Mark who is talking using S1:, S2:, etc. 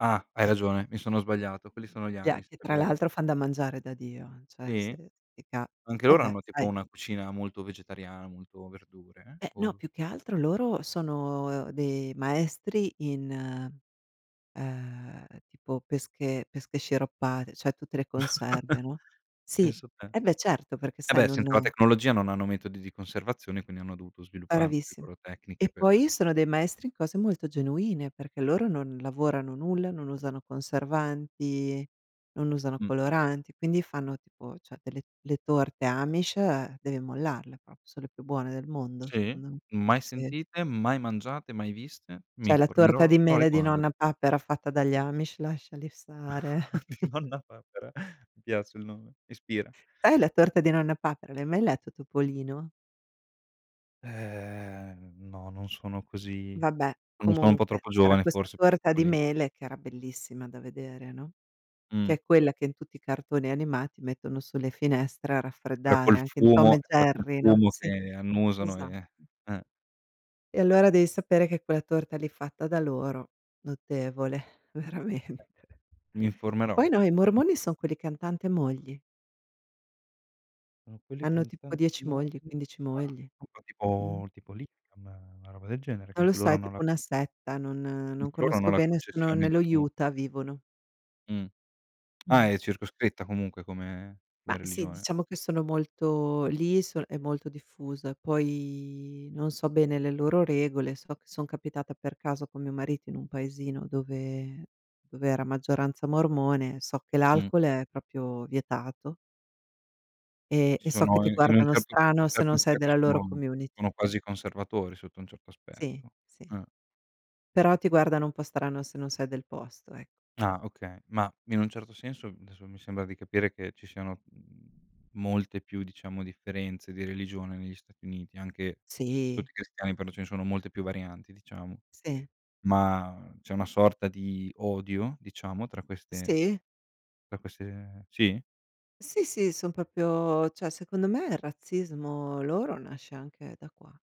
S1: Ah. Hai ragione, mi sono sbagliato, quelli sono gli
S2: Ja
S1: amish,
S2: che
S1: è
S2: tra
S1: vero.
S2: l'altro fan da mangiare da Dio, cioè,
S1: Sì?
S2: se ti cap
S1: Anche loro
S2: Vabbè
S1: hanno tipo
S2: sai
S1: una cucina molto vegetariana, molto verdure
S2: Eh, no,
S1: o
S2: più che altro loro sono de maestri in, uhm, tipo pesche pesche sciroppate, cioè, tutte le conserve, no? Sì,
S1: Pensa te.
S2: e beh certo perché
S1: Eh,
S2: sai
S1: beh, senza la
S2: non
S1: tecnologia non hanno metodi di conservazione, quindi hanno dovuto sviluppar le
S2: Bravissim
S1: loro tecniche
S2: E,
S1: per
S2: poi sono dei maestri in cose molto genuine, perché loro non lavorano nulla, non usano conservanti, non usano
S1: Mh.
S2: coloranti, quindi fanno tipo, cioè delle le torte amish devi mollarle prop son le più buone del mondo,
S1: Sì?!
S2: secondo me.
S1: Mai
S2: Sì.
S1: sentite, mai mangiate, mai viste, mi
S2: C'è la torta di
S1: informerò al
S2: mele di
S1: riguar
S2: Nonna Papera fatta dagli amish lasciali stare.
S1: Nonna papera, mi piace il nome, ispira.
S2: Eh, la torta di Nonna Papera. L'hai mai letto Topolino?
S1: Ehm, no, non sono così,
S2: Vabbè,
S1: non lo so, un po'
S2: comunque
S1: troppo
S2: c'era
S1: giovane
S2: questa
S1: forse
S2: torta
S1: [unintelligible]
S2: di
S1: lì.
S2: mele che era bellissima da vedere, no, che
S1: Mh.
S2: è quella che in tutti i cartoni animati mettono sulle finestre a
S1: Quella
S2: raffreddare,
S1: col
S2: anche in Tom
S1: fumo
S2: e
S1: è quella col
S2: Jerry, no?
S1: fumo
S2: Sì,
S1: che annusano
S2: esatto.
S1: e Eh.
S2: E allora devi sapere che quella torta lì fatta da loro, notevole veramente.
S1: Mi
S2: E
S1: informerò.
S2: poi no, i
S1: Mh.
S2: mormoni son quelli che han tante mogli.
S1: Sono quelli che
S2: Hanno
S1: han
S2: tipo
S1: tanti
S2: 10 mogli,
S1: modi.
S2: 15
S1: Ah,
S2: mogli.
S1: [unintelligible]
S2: Mh.
S1: tipo tipo likam, una roba del genere che
S2: Non lo
S1: anche
S2: so,
S1: loro
S2: è
S1: hanno la
S2: tipo una setta, non
S1: Mh.
S2: non
S1: Loro hanno
S2: conosco
S1: la
S2: bene, sono
S1: concessione
S2: nello
S1: di mo
S2: Utah vivono.
S1: Mh.
S2: Mh.
S1: Ah, è circoscritta comunque come
S2: Ma
S1: come
S2: sì,
S1: religione.
S2: diciamo che sono molto lì son è molto diffusa, e poi non so bene le loro regole, so che son capitata per caso con mio marito in un paesino dove dove era maggioranza mormone, so che
S1: Mh.
S2: l'alcol è proprio vietato. E
S1: Si
S2: e so che
S1: sono
S2: ti
S1: i in un
S2: guardano
S1: certo sotto
S2: strano se
S1: certi
S2: non sei
S1: aspetti
S2: della loro
S1: sono
S2: community.
S1: sono quasi conservatori sotto un certo
S2: Sì,
S1: aspetto.
S2: sì.
S1: Eh.
S2: Però ti guardano un po' strano se non sei del posto, ec
S1: Ah, oka Ma, in un certo senso, adesso, mi sembra di capire che ci siano, mhmm, molte più, diciamo, differenze di religione negli Stati Uniti, anche
S2: Sì.
S1: tutti i cristiani, però ce ne sono molte più varianti, diciamo.
S2: Sì.
S1: Ma c'è una sorta di odio, diciamo, tra queste
S2: Sì.
S1: tra queste Sì?!
S2: Sì, sì, son proprio cioè, secondo me il razzismo loro nasce anche da qua.